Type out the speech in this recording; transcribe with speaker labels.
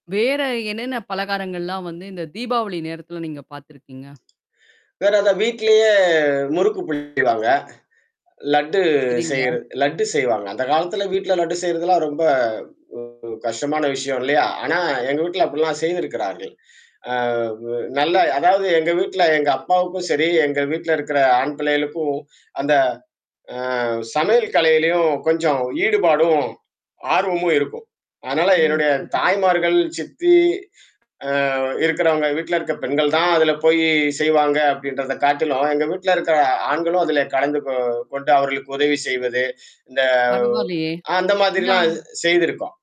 Speaker 1: வேற என்னென்ன பலகாரங்கள்லாம் வந்து இந்த தீபாவளி நேரத்தில நீங்க பார்த்திருக்கிறீங்க?
Speaker 2: வேற அத வீட்டிலேயே முறுக்கு புளிவாங்க. லட்டு
Speaker 1: சரிங்க.
Speaker 2: செய்ர லட்டு செய்வாங்க. அந்த காலத்தில வீட்டில லட்டு செய்றதுலாம் ரொம்ப ஒரு கஷ்டமான விஷயம், இல்லையா? ஆனா எங்க வீட்டில அப்படிலாம் செய்துருக்கிறார்கள். அ, வு நல்ல அதாவது எங்க வீட்டுல, எங்க அப்பாவுக்கும் சரி, எங்க வீட்டுல இருக்கற ஆண் பிள்ளைகளுக்கும் அந்த, அ சமையல் கலையிலயும் கொஞ்சம் ஈடுபாடும், ஆர்வமும் இருக்கும். அதனால
Speaker 1: ஓ!
Speaker 2: என்னுடைய
Speaker 1: சரி.
Speaker 2: தாய்மார்கள், சித்தி, அ, இருக்குறவங்க, வீட்ல இருக்கிற பெண்கள் தான் அதுல போய் செய்வாங்க, அப்படின்றத காட்டிலும், எங்க வீட்டுல இருக்கற ஆண்களும் அதுல கலந்து கொ கொண்டு அவர்களுக்கு உதவி செய்வது, இந்த
Speaker 1: பரவால்லயே.
Speaker 2: அந்த மாதிரிலாம்
Speaker 1: நாம்
Speaker 2: செய்திருக்கோம்.